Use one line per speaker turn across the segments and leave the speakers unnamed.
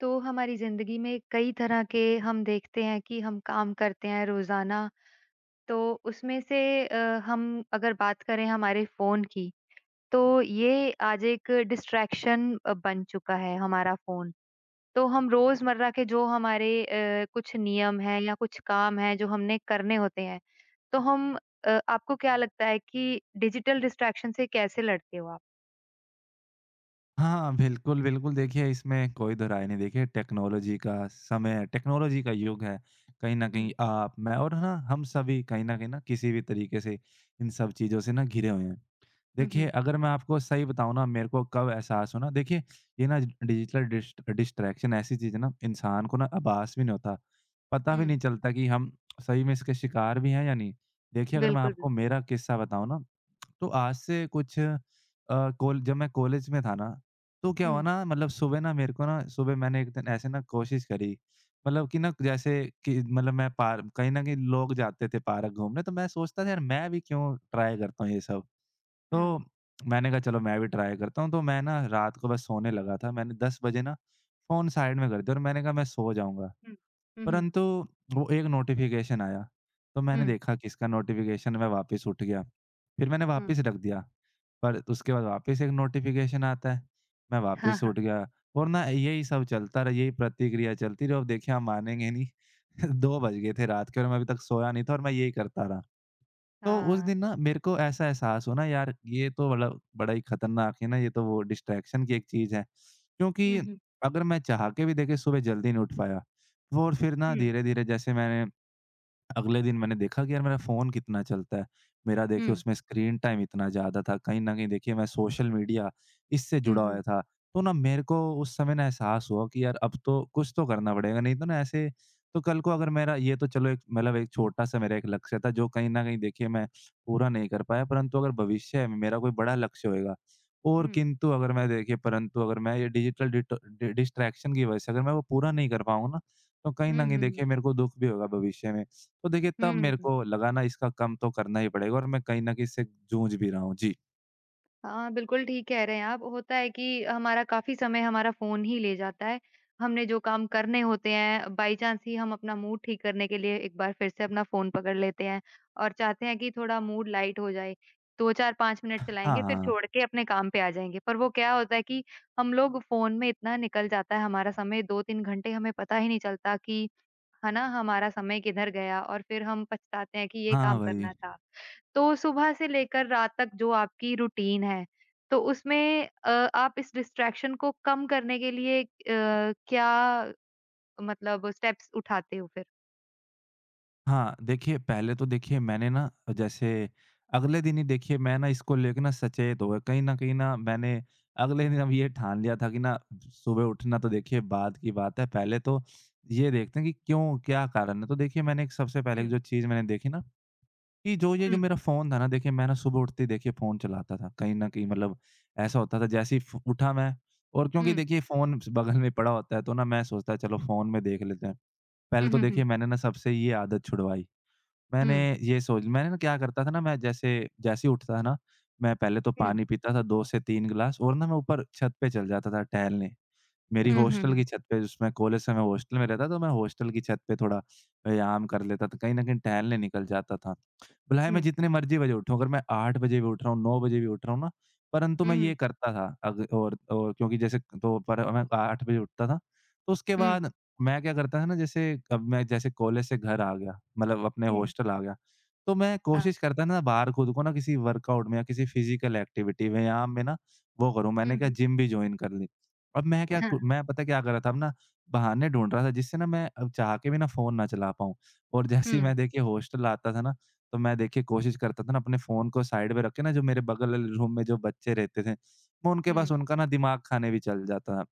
तो हमारी ज़िंदगी में कई तरह के हम देखते हैं कि हम काम करते हैं रोज़ाना, तो उसमें से अ, हम अगर बात करें हमारे फ़ोन की तो ये आज एक डिस्ट्रैक्शन अ, बन चुका है हमारा फ़ोन तो हम रोज़मर्रा के जो हमारे अ, कुछ नियम हैं या कुछ काम हैं जो हमने करने होते हैं तो हम अ, आपको क्या लगता है कि डिजिटल डिस्ट्रैक्शन से कैसे लड़ते हो आप?
हाँ बिल्कुल, बिल्कुल देखिए इसमें कोई दो राय नहीं देखिए टेक्नोलॉज़ी का समय टेक्नोलॉज़ी का युग है कहीं न कहीं
हुँ।
आप मैं और है ना हम सभी कहीं न कहीं ना किसी भी तरीक़े से इन सब चीज़ों से ना घिरे हुए हैं।
हुँ,
देखिए
हुँ।
अगर मैं आपको सही बताऊँ ना मेरे को कब एहसास हुआ ना देखिए ये ना डिजिटल डिस्ट डिस्ट्रैक्शन ऐसी चीज़ है ना इंसान को ना आभास भी नहीं होता पता भी
हुँ।
नहीं चलता कि हम सही में इसके शिकार भी हैं या नहीं? देखिए अगर मैं
बिल्कुल, बिल्
आपको मेरा किस्सा बताऊँ ना तो आज से कुछ अ, कॉल जब मैं कॉलेज में था ना तो क्या हुआ
हुँ।
ना मतलब सुबह ना मेरे को ना सुबह मैंने एक दिन ऐसे ना कोशिश करी मतलब कि ना जैसे कि मतलब मैं पाक कहीं न कहीं लोग जाते थे पार्क घूमने तो मैं सोचता था यार मैं भी क्यों ट्राय करता हूँ ये सब?
हुँ।
तो मैंने कहा चलो मैं भी ट्राय करता हूँ तो मैं ना रात को बस सोने लगा था मैंने 10 बजे ना फ़ोन साइड में कर दिया और मैंने कहा मैं सो जाऊँगा।
हुँ। हुँ, हुँ।
परंतु वो एक नोटिफ़िकेशन आया तो मैंने
हुँ।
देखा किसका नोटिफ़िकेशन मैं वापस उठ गया फ़िर मैंने
हुँ।
वापस रख दिया। पर उसके बाद वापस एक नोटिफ़िकेशन आता है मैं
हाँ,
वापस
हाँ।
उठ गया और ना यही सब चलता रहा यही प्रतिक्रिया चलती रही अब देखिए आप मानेंगे नहीं 2 बज गए थे रात को और मैं अभी तक सोया नहीं था और मैं यही करता रहा। तो उस
हाँ।
दिन ना मेरे को ऐसा एहसास हुआ ना यार ये तो मतलब बड़ा ही खतरनाक है ना ये तो वो डिस्ट्रैक्शन की एक चीज़ है क्योंकि
हुँ, हुँ।
अगर मैं चाह के भी देखिए सुबह जल्दी नहीं उठ पाया वो और फ़िर ना
हुँ।
धीरे-धीरे जैसे मैंने अगले दिन मैंने देखा कि यार मेरा फ़ोन कितना चलता है मेरा देखिए
हुँ।
उसमें स्क्रीन टाइम इतना ज़्यादा था कहीं न कहीं देखिए मैं सोशल मीडिया इससे
हुँ,
जुड़ा
हुँ।
हुआ था। तो ना मेरे को उस समय ना एहसास हुआ कि, यार अब तो कुछ तो करना पड़ेगा नहीं तो ना ऐसे तो कल को अगर मेरा ये तो चलो एक मतलब एक छोटा-सा मेरा एक लक्ष्य था जो कहीं न कहीं देखिए मैं पूरा नहीं कर पाया परंतु अगर भविष्य में मेरा कोई बड़ा लक्ष्य होएगा और
हुँ।
किंतु अगर मैं देखिए परंतु अगर मैं ये डिजिटल डिटर डि डिस्ट्रैक्शन की वजह से अगर मैं वो पूरा नहीं कर पाऊँ ना तो कहीं
हुँ,
न
हुँ,
कहीं देखिए
हुँ।
मेरे को दुःख भी होगा भविष्य में तो देखिए तब मेरे
हुँ।
को लगा ना इसका कम तो करना ही पड़ेगा और मैं कहीं न कहीं इससे जूझ भी रहा हूँ। जी।
हाँ, बिल्कुल, ठीक कह रहे हैं आप, होता है कि हमारा काफ़ी समय हमारा फ़ोन ही ले जाता है, हमने जो काम करने होते हैं, बाई-चांस ही हम अपना मूड ठीक करने के लिए एक बार फिर से अपना फ़ोन पकड़ लेते हैं और चाहते हैं कि थोड़ा मूड लाइट हो जाए। 2-4-5 मिनट
हाँ,
चलाएँगे फिर
हाँ।
छोड़ के अपने काम पे आ जाएँगे, पर वो क्या होता है कि हम लोग फ़ोन में इतना निकल जाता है हमारा समय 2-3 घंटे हमें पता ही नहीं चलता कि है ना? हमारा समय किधर गया और फिर हम पछताते हैं कि ये
हाँ,
काम करना
वही।
था। तो सुबह से लेकर रात तक जो आपकी रूटीन है, तो उसमें अ, आप इस डिस्ट्रैक्शन को कम करने के लिए अ, क्या मतलब स्टेप्स उठाते हो फिर?
हाँ, देखिए पहले तो देखिए मैंने ना, जैसे अगले दिन ही देखिए मैं ना इसको लेके ना सचेत हो गया, कहीं न कहीं ना मैंने अगले दिन अब ये ठान लिया था कि ना सुबह उठना तो देखिए बाद की बात है, पहले तो ये देखते हैं कि क्यों, क्या कारण है? तो देखिए मैंने एक सबसे पहले एक
हुँ।
जो चीज़ मैंने देखी ना, कि जो ये जो
हुँ।
मेरा फ़ोन था ना देखिए मैं ना सुबह उठते देखिए फ़ोन चलाता था कहीं न कहीं मतलब, ऐसा होता था जैसे ही फ़ उठा मैं। और क्योंकि
हुँ।
देखिए ये फ़ोन बगल में पड़ा होता है तो ना मैं सोचता है चलो फ़ोन में देख लेते हैं,
हुँ,
पहले तो
हुँ, हुँ।
देखिए मैंने ना सबसे ये आदत छुड़वाई। मैंने
हुँ।
ये सोच मैंने क्या करता था ना मैं जैसे जैसे ही उठता था ना, मैं पहले तो
हुँ।
पानी पीता था 2 से 3 ग्लास और ना मैं ऊपर छत पे चल जाता था टहलने। मेरी
हुँ, हुँ,
हॉस्टल
हुँ।
की छत पे जिसमें कॉलेज से मैं हॉस्टल में रहता तो मैं हॉस्टल की छत पे थोड़ा व्यायाम कर लेता था, कहीं न कहीं टहलने निकल जाता था, भले ही मैं
हुँ।
जितनी मर्ज़ी बजे उठूँ अगर मैं 8 बजे भी उठ रहा हूँ, 9 बजे भी उठ रहा हूँ ना, परंतु
हुँ,
मैं ये
हुँ।
करता था अग और और क्योंकि जैसे तो पर मैं तो 8 बजे उठता था। तो उसके
हुँ।
बाद मैं क्या करता था ना जैसे अब मैं जैसे कॉलेज से घर आ गया, मतलब अपने
हुँ।
हॉस्टल आ गया, तो मैं
हाँ।
कोशिश करता हूँ ना बाहर खुद को ना किसी वर्कआउट में या किसी फिज़िकल एक्टिविटी में या व्यायाम में ना वो करूँ,
हुँ,
मैंने क्या
हुँ।
जिम भी जॉइन कर लि। अब मैं क्या
हाँ,
कु
ह
मैं पता है क्या कर रहा था अब ना बहाने ढूँढ़ रहा था जिससे ना मैं अब चाह के भी ना फ़ोन ना चला पाऊँ और जैसे ही मैं
हुँ।
देखिए हॉस्टल आता था ना तो मैं देखिए कोशिश करता था ना अपने फ़ोन को साइड में रखे ना जो मेरे बगल ल रूम में जो बच्चे रहते थे, वो उनके पास
हुँ।
उनका ना दिमाग खाने भी चल जाता था,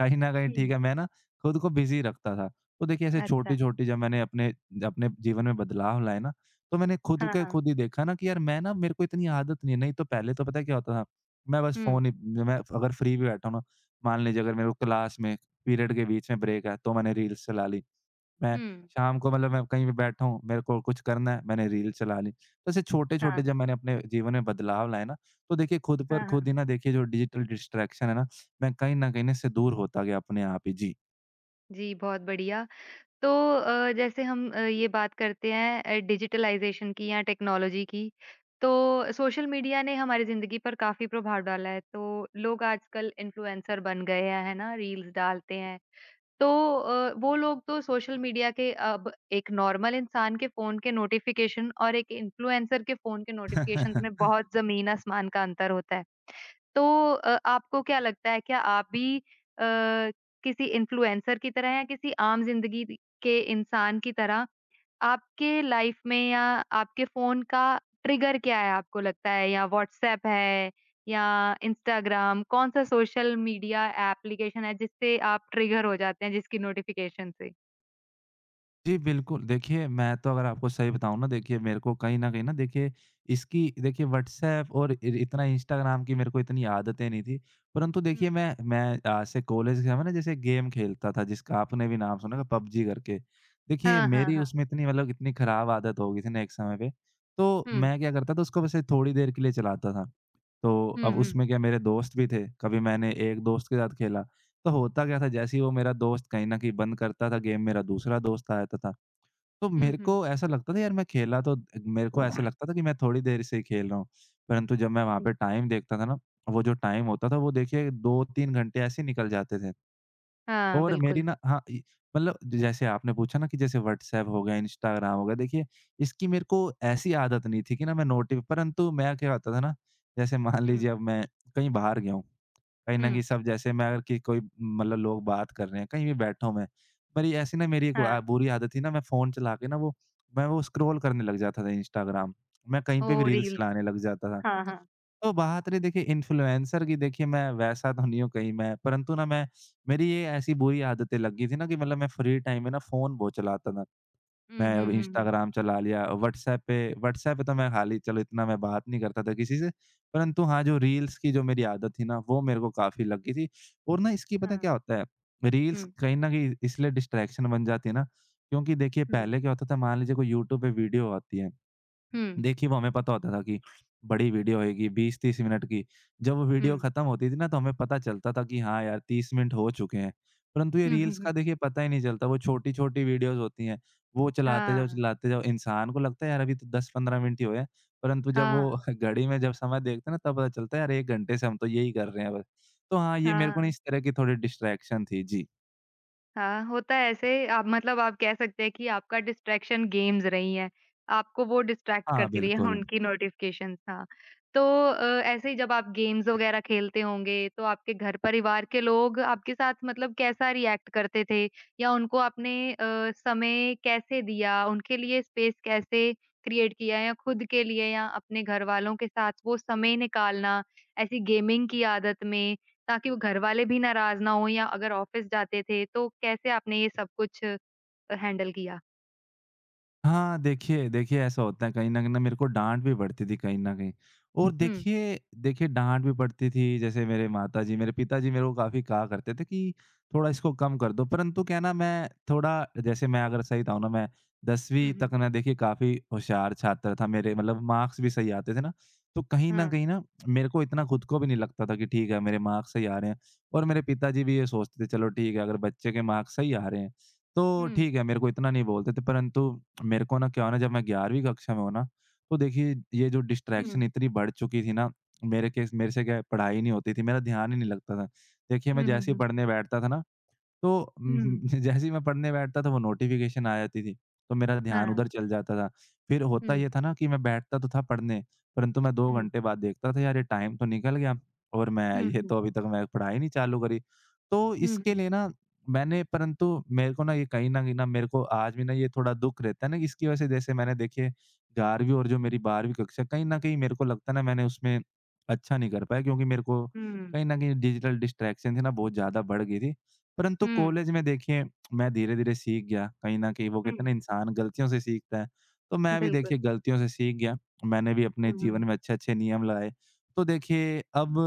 कहीं न कहीं ठीक
हुँ।
है मैं ना खुद को बिज़ी रखता था। तो देखिए ऐसे
अच्छा।
छोटी-छोटी जो मैंने अपने अपने जीवन में बदलाव लाए ना तो मैंने खुद
हाँ,
को
हाँ।
खुद ही देखा ना कि यार मैं ना मेरे को इतनी आदत नहीं है नहीं तो पहले तो पता है क्या होता था, मैं बस
हुँ।
फ़ोन ही मैं अगर फ्री भी बैठा हूँ ना, मान लीजिए अगर मेरे को क्लास में पीरियड के बीच में ब्रेक है तो मैंने रील्स चला ली, मैं
हुँ।
शाम को मतलब मैं कहीं भी बैठा हूँ, मेरे को कुछ करना है, मैंने रील चला ली, ऐसे
हाँ।
छोटे-छोटे जब मैंने अपने जीवन में बदलाव लाए ना, तो देखिए खुद पर
हाँ, हाँ।
खुद ही ना देखिए जो डिजिटल डिस्ट्रैक्शन है ना, मैं कहीं न कहीं इससे दूर होता गया अपने आप ही। जी।
जी, बहुत बढ़िया, तो अ, जैसे हम अ, ये बात करते हैं अ, डिजिटलाइज़ेशन की या टेक्नोलॉज़ी की, तो सोशल मीडिया ने हमारी ज़िंदगी पर काफ़ी प्रभाव डाला है तो लोग आजकल इन्फ्लुएंसर बन गए हैं, है ना? रील्स डालते हैं। तो अ, वो लोग तो सोशल मीडिया के अब एक नॉर्मल इंसान के फ़ोन के नोटिफ़िकेशन और एक इन्फ्लुएंसर के फ़ोन के नोटिफ़िकेशन में बहुत ज़मीन आसमान का अंतर होता है। तो अ, आपको क्या लगता है क्या आप भी अ, किसी इन्फ्लुएंसर की तरह या किसी आम ज़िंदगी दि के इंसान की तरह? आपके लाइफ में या आपके फ़ोन का ट्रिगर क्या है आपको लगता है? या व्हाट्सएप है या इंस्टाग्राम? कौन-सा सोशल मीडिया एप्लीकेशन है, जिससे आप ट्रिगर हो जाते हैं जिसकी नोटिफ़िकेशन से?
जी बिल्कुल, देखिए मैं तो अगर आपको सही बताऊँ ना देखिए मेरे को कहीं न कहीं न देखिए, इसकी देखिए व्हाट्सएप और इर इतना इंस्टाग्राम की मेरे को इतनी आदतें नहीं थी। परंतु
हुँ।
देखिए मैं मैं अ, जैसे कॉलेज के समय ना जैसे गेम खेलता था जिसका आपने भी नाम सुना था पबजी करके। देखिए
हाँ, हाँ,
मेरी
हाँ।
उसमें इतनी मतलब इतनी खराब आदत हो गई थी ना एक समय पे, तो
हुँ।
मैं क्या करता था उसको वैसे थोड़ी देर के लिए चलाता था, तो अब
हुँ, हुँ।
उसमें क्या मेरे दोस्त भी थे, कभी मैंने एक दोस्त के साथ खेला, तो होता क्या था जैसे ही वो मेरा दोस्त कहीं न कहीं बंद करता था गेम मेरा दूसरा दोस्त आ जाता था। तो
हुँ,
मेरे
हुँ।
को ऐसा लगता था यार मैं खेला तो मेरे को ऐसा लगता था कि मैं थोड़ी देर से ही खेल रहा हूँ, परंतु जब मैं वहाँ पे टाइम देखता था ना, वो जो टाइम होता था वो देखिए 2-3 घंटे ऐसे ही निकल जाते थे।
हाँ,
और मेरी
बिल्कुल।
ना हाँ इ मतलब जैसे आपने पूछा ना कि जैसे व्हाट्सएप हो गया, इंस्टाग्राम हो गया, देखिए इसकी मेरे को ऐसी आदत नहीं थी कि ना मैं नोटिव परंतु मैं क्या करता था ना? जैसे मान
हुँ।
लीजिए अब मैं कहीं बाहर गया हूँ, कहीं न
हुँ।
कहीं सब जैसे मैं अगर कि कोई मतलब लोग बात कर रहे हैं कहीं भी बैठा हूँ मैं, पर ये ऐसी ना मेरी एक
हाँ।
गुआ बुरी आदत थी ना मैं फ़ोन चला के ना वो मैं वो स्क्रॉल करने लग जाता था इंस्टाग्राम, मैं कहीं पे भी
ओह!
रील्स
रील,
चलाने लग जाता था।
हाँ, हाँ।
तो बात रही देखिए इन्फ्लुएंसर की देखिए मैं वैसा तो नहीं हूँ कहीं मैं परंतु ना मैं मेरी ये ऐसी बुरी आदतें लग गई थी ना कि मतलब मैं फ्री टाइम में ना फ़ोन बहुत चलाता था।
हुँ,
मैं
हुँ,
अब
हुँ, हुँ।
इंस्टाग्राम चला लिया व्हाट्सएप पे व्हाट्सएप पे तो मैं हाली चलो इतना मैं बात नहीं करता था किसी से, परंतु हाँ जो रील्स की जो मेरी आदत थी ना वो मेरे को काफ़ी लग गई थी और ना इसकी पता है
हाँ।
क्या होता है रील्स
हुँ।
कहीं न कहीं इसलिए डिस्ट्रैक्शन बन जाती है ना, क्योंकि देखिए
हुँ।
पहले क्या होता था मान लीजिए कोई यूट्यूब पे वीडियो आती है
हुँ।
देखिए, वो हमें पता होता था कि बड़ी वीडियो आएगी 20-30 मिनट की, जब वो वीडियो
हुँ।
ख़त्म होती थी ना, तो हमें पता चलता था कि हाँ, यार 30 मिनट हो चुके हैं, परंतु ये
हुँ, हुँ,
रील्स का
हुँ।
देखिए पता ही नहीं चलता वो छोटी-छोटी वीडियोज़ होती हैं। वो चलाते जाओ
हाँ।
चलाते जाओ इंसान को लगता है यार अभी तो 10-15 मिनट ही हुए हैं, परंतु जब वो
हाँ।
घड़ी में जब समय देखते हैं ना तब पता चलता है यार 1 घंटे से हम तो यही कर रहे हैं बस। तो हाँ, ये मेरे को ना
हाँ।
इस तरह की थोड़ी डिस्ट्रैक्शन थी। जी।
हाँ, होता है ऐसे, आप मतलब आप कह सकते हैं कि आपका डिस्ट्रैक्शन गेम्स रही हैं, आपको वो डिस्ट्रैक्ट
हाँ,
करती रही हैं,
बिल्कुल।
उनकी नोटिफिकेशंस। हाँ, तो अ, ऐसे ही जब आप गेम्स वग़ैरह खेलते होंगे, तो आपके घर परिवार के लोग आपके साथ मतलब कैसा रिएक्ट करते थे या उनको आपने अ, समय कैसे दिया, उनके लिए स्पेस कैसे क्रिएट किया या खुद के लिए या अपने घरवालों के साथ वो समय निकालना ऐसी गेमिंग की आदत में ताकि वो घरवाले भी नाराज़ ना हों या अगर ऑफ़िस जाते थे, तो कैसे आपने ये सब कुछ हैंडल किया?
हाँ, देखिए देखिए ऐसा होता है कहीं न कहीं ना मेरे को डाँट भी पड़ती थी कहीं न कहीं और
हुँ।
देखिए देखिए डाँट भी पड़ती थी, जैसे मेरे माता जी, मेरे पिता जी मेरे को काफ़ी कहा करते थे कि थोड़ा इसको कम कर दो, परंतु क्या है ना मैं थोड़ा जैसे मैं अगर सही बताऊँ ना मैं 10वीं
हुँ, हुँ।
तक ना देखिए काफ़ी होशियार छात्र था, मेरे मतलब मार्क्स भी सही आते थे ना, तो कहीं न
हाँ।
कहीं ना मेरे को इतना खुद को भी नहीं लगता था कि ठीक है, मेरे मार्क्स सही आ रहे हैं और मेरे पिता जी भी ये सोचते थे, "चलो ठीक है, अगर बच्चे के मार्क्स सही आ रहे हैं, तो
हुँ।
ठीक है," मेरे को इतना नहीं बोलते थे, परंतु मेरे को ना क्या हुआ ना जब मैं 11वीं कक्षा में हुआ ना, तो देखिए ये जो
हुँ।
डिस्ट्रैक्शन इतनी बढ़ चुकी थी ना, मेरे केस मेरे से क्या पढ़ाई नहीं होती थी, मेरा ध्यान ही नहीं लगता था, देखिए मैं
हुँ, हुँ,
जैसे ही
हुँ।
पढ़ने बैठता था ना, तो म
हुँ।
जैसे ही मैं पढ़ने बैठता तो वो नोटिफिकेशन आ जाती थी, तो मेरा ध्यान
हाँ।
उधर चल जाता था, फिर होता
हुँ।
ये था ना कि मैं बैठता तो था पढ़ने, परंतु मैं 2
हुँ।
घंटे बाद देखता था "यार ये टाइम तो निकल गया और मैं
हुँ,
ये
हुँ।
तो अभी तक मैंने पढ़ाई नहीं चालू करी।" तो
हुँ,
इसके
हुँ।
लिए ना मैंने परंतु मेरे को ना ये कहीं न कहीं ना मेरे को आज भी ना ये थोड़ा दुःख रहता है ना, इसकी वज़ह से जैसे मैंने देखिए 11वीं और जो
हुँ।
मेरी 12वीं कक्षा, कहीं न कहीं मेरे को लगता है ना, मैंने उसमें अच्छा नहीं कर पाया क्योंकि मेरे को कहीं
हुँ।
न कहीं डिजिटल डिस्ट्रैक्शन थी ना बहुत ज़्यादा बढ़ गई थी, परंतु
हुँ।
कॉलेज में देखिए मैं धीरे-धीरे सीख गया, कहीं न कहीं वो कहते हैं
हुँ।
ना इंसान गलतियों से सीखता है, तो मैं भी
बिल्कुल।
देखिए गलतियों से सीख गया, मैंने भी अपने
हुँ,
जीवन
हुँ।
में अच्छे-अच्छे नियम लाए, तो देखिए अब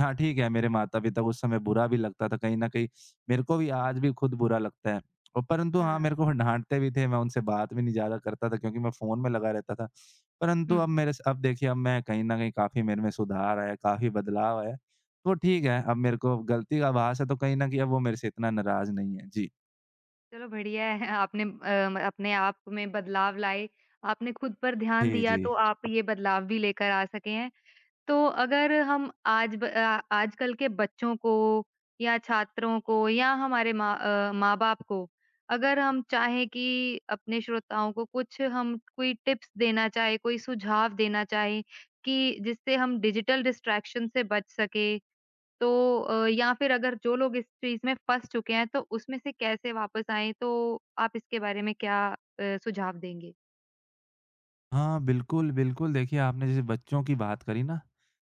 हाँ, ठीक है, मेरे माता-पिता को उस समय बुरा भी लगता था कहीं न कहीं, मेरे को भी आज भी खुद बुरा लगता है और परंतु हाँ,
हाँ।
मेरे को डाँटते भी थे, मैं उनसे बात भी नहीं ज़्यादा करता था क्योंकि मैं फ़ोन में लगा रहता था, परंतु
हुँ।
अब मेरे स अब देखिए अब मैं कहीं न कहीं काफ़ी मेरे में सुधार आया है, काफ़ी बदलाव आया है, तो ठीक है, अब मेरे को गलती का आभास है, तो कहीं न कहीं अब वो मेरे से इतना नाराज़ नहीं है। जी।
चलो बढ़िया है आपने अ, म अपने आप में बदलाव लाए। आपने ख़ुद पर ध्यान
जी,
दिया
जी।
तो आप ये बदलाव भी लेकर आ सके हैं। तो अगर हम आज ब अ, आजकल के बच्चों को या छात्रों को या हमारे माँ अ, माँ-बाप को अगर हम चाहें कि अपने श्रोताओं को कुछ हम कोई टिप्स देना चाहें, कोई सुझाव देना चाहें कि जिससे हम डिजिटल डिस्ट्रैक्शन से बच सकें तो अ, या फ़िर अगर जो लोग इस चीज़ में फँस चुके हैं, तो उसमें से कैसे वापस आएँ, तो आप इसके बारे में क्या अ, सुझाव देंगे?
हाँ, बिल्कुल, बिल्कुल देखिए आपने जैसे बच्चों की बात करी ना,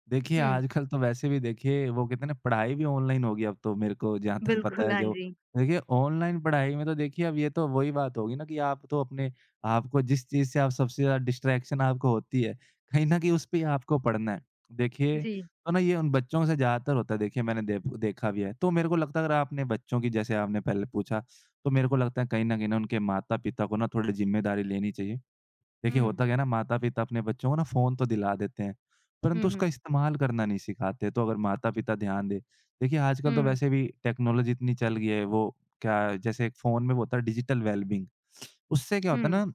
देखिए
हुँ।
आजकल तो वैसे भी देखिए वो कहते है ना पढ़ाई भी ऑनलाइन हो गई अब तो मेरे को जहाँ तक पता
बिल्कुल,
है
हाँ
जो।
जी।
देखिए ऑनलाइन पढ़ाई में तो देखिए अब ये तो वही बात होगी ना कि आप तो अपने आप को जिस चीज़ से आप सबसे ज़्यादा डिस्ट्रैक्शन आपको होती है कहीं न कहीं उस पे ही आपको पढ़ना है। देखिए
जी।
तो ना ये उन बच्चों से ज़्यादातर होता है देखिए मैंने देख देखा भी है। तो मेरे को लगता है अगर आपने बच्चों की जैसे आपने पहले पूछा तो मेरे को लगता है, कहीं न कहीं उनके माता-पिता को ना थोड़ी ज़िम्मेदारी लेनी चाहिए। देखिए
हुँ।
होता क्या है ना माता-पिता अपने बच्चों को ना फ़ोन तो दिला देते हैं।
हुँ,
परंतु उसका
हुँ।
इस्तेमाल करना नहीं सिखाते तो अगर माता-पिता ध्यान दें। देखिए आजकल
हुँ,
तो
हुँ।
वैसे भी टेक्नोलॉज़ी इतनी चल गई है वो क्या जैसे एक फ़ोन में वो होता है डिजिटल वेलबिंग उससे क्या होता है
हुँ।
ना,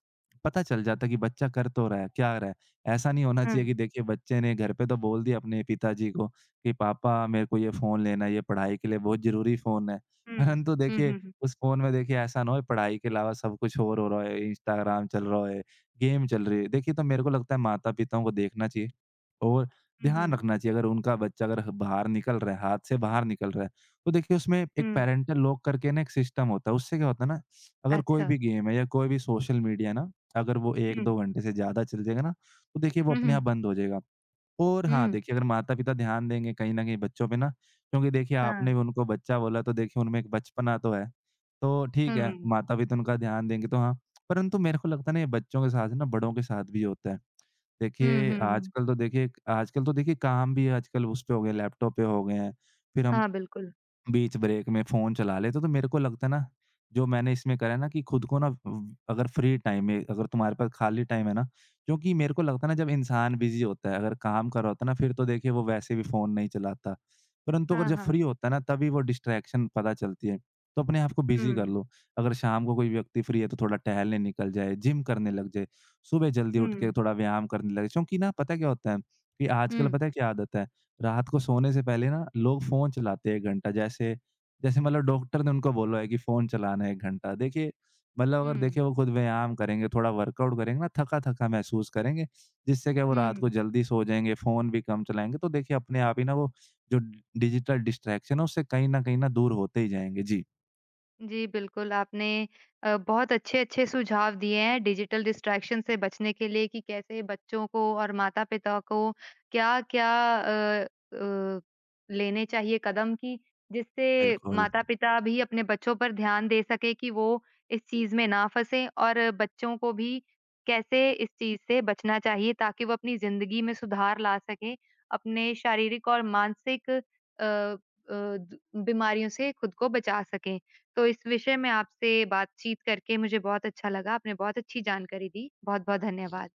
पता चल जाता है कि बच्चा कर तो रहा है, क्या कर रहा है, ऐसा नहीं होना चाहिए
हुँ।
कि देखिए बच्चे ने घर पे तो बोल दिया अपने पिताजी को कि पापा मेरे को ये फ़ोन लेना है, ये पढ़ाई के लिए बहुत ज़रूरी फ़ोन है।
हुँ।
परन्तु
हुँ,
देखिए
हुँ, हुँ।
उस फ़ोन में देखिए ऐसा ना होए, पढ़ाई के अलावा सब कुछ और हो रहा है, इंस्टाग्राम चल रहा है, गेम चल रही है, देखिए तो मेरे को लगता है माता-पिता को देखना चाहिए। और
हुँ,
ध्यान
हुँ।
रखना चाहिए अगर उनका बच्चा अगर बाहर निकल रहा है हाथ से बाहर निकल रहा है। तो देखिए उसमें एक
हुँ।
पैरेंटल लॉक करके ना एक सिस्टम होता है उससे क्या होता है ना अगर कोई
अच्छा।
भी गेम है या कोई भी सोशल मीडिया है ना अगर वो एक
हुँ।
दो घंटे से ज़्यादा चल जाएगा ना तो देखिए वो
हुँ,
अपने आप
हुँ।
बंद हो जाएगा। और हाँ
हुँ।
देखिए अगर माता-पिता ध्यान देंगे, कहीं न कहीं बच्चों पे ना क्योंकि देखिए आपने
हाँ।
उनको बच्चा बोला तो देखिए उनमें एक बचपना तो है। तो ठीक
हुँ, हुँ,
है,
हुँ।
माता-पिता उनका ध्यान देंगे तो हाँ। परंतु मेरे को लगता है ना ये बच्चों के साथ जो है ना बड़ों के साथ भी होता है।
हुँ,
देखिए,
हुँ हुँ।
आजकल तो देखिए आजकल तो देखिए काम भी आजकल उसपे हो गए हैं, लैपटॉप पे हो गए हैं, फ़िर हम
हाँ, बिल्कुल।
बीच ब्रेक में फ़ोन चला लेते तो मेरे को लगता ना जो मैंने इसमें करा है ना कि ख़ुद को ना अ अगर फ्री टाइम है अगर तुम्हारे पास खाली टाइम है ना जो कि मेरे को लगता है ना जब इंसान बिज़ी होता है अगर काम कर रहा होता है ना फ़िर तो देखिए वो वैसे भी फ़ोन नहीं चलाता। परंतु अगर
हाँ,
जब
हाँ।
फ्री होता है ना तभी वो डिस्ट्रैक्शन पता चलती है, तो अपने आप को बिज़ी कर
हुँ।
लो। अगर शाम को कोई व्यक्ति फ्री है तो थोड़ा टहलने निकल जाए, जिम करने लग जाए, सुबह जल्दी उठ के
हुँ।
थोड़ा व्यायाम करने लगे, चूँकि ना पता क्या होता है कि आजकल
हुँ।
पता है क्या आदत है रात को सोने से पहले ना लोग फ़ोन चलाते हैं 1 घंटा जैसे, जैसे मतलब डॉक्टर ने उनको बोला है कि फ़ोन चलाना 1 घंटा, देखिए मतलब अगर
हुँ।
देखिए वो ख़ुद व्यायाम करेंगे थोड़ा वर्कआउट करेंगे ना थका-थका महसूस करेंगे। जिससे क्या वो रात को
हुँ।
जल्दी सो जाएँगे फ़ोन भी कम चलाएँगे, तो देखिए अपने आप ही ना वो जो डिजिटल डिस्ट्रैक्शन है उससे कहीं न कहीं, ना दूर होते ही जाएँगे। जी।
जी, बिल्कुल आपने अ, बहुत अच्छे-अच्छे सुझाव दिए हैं डिजिटल डिस्ट्रैक्शन से बचने के लिए कि कैसे बच्चों को और माता-पिता को क्या-क्या अ अ, लेने चाहिए कदम की जिससे
बिल्कुल।
माता-पिता भी अपने बच्चों पर ध्यान दे सकें कि वो इस चीज़ में ना फँसें और बच्चों को भी कैसे इस चीज़ से बचना चाहिए ताकि वो अपनी ज़िंदगी में सुधार ला सकें, अपने शारीरिक और मानसिक अ अ, द बीमारियों से ख़ुद को बचा सकें। तो इस विषय में आपसे बातचीत करके मुझे बहुत अच्छा लगा। आपने बहुत अच्छी जानकारी दी, बहुत-बहुत धन्यवाद।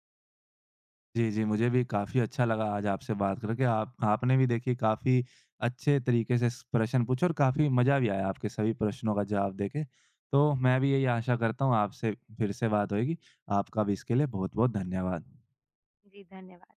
जी, जी, मुझे भी काफ़ी अच्छा लगा आज आपसे बात करके, आप आपने भी देखिए काफ़ी अच्छे तरीक़े से स प्रश्न पूछा और काफ़ी मज़ा भी आया आपके सभी प्रश्नों का जवाब देके। तो मैं भी यही आशा करता हूँ आपसे फ़िर से बात होएगी, आपका भी इसके लिए बहुत-बहुत धन्यवाद।
जी, धन्यवाद।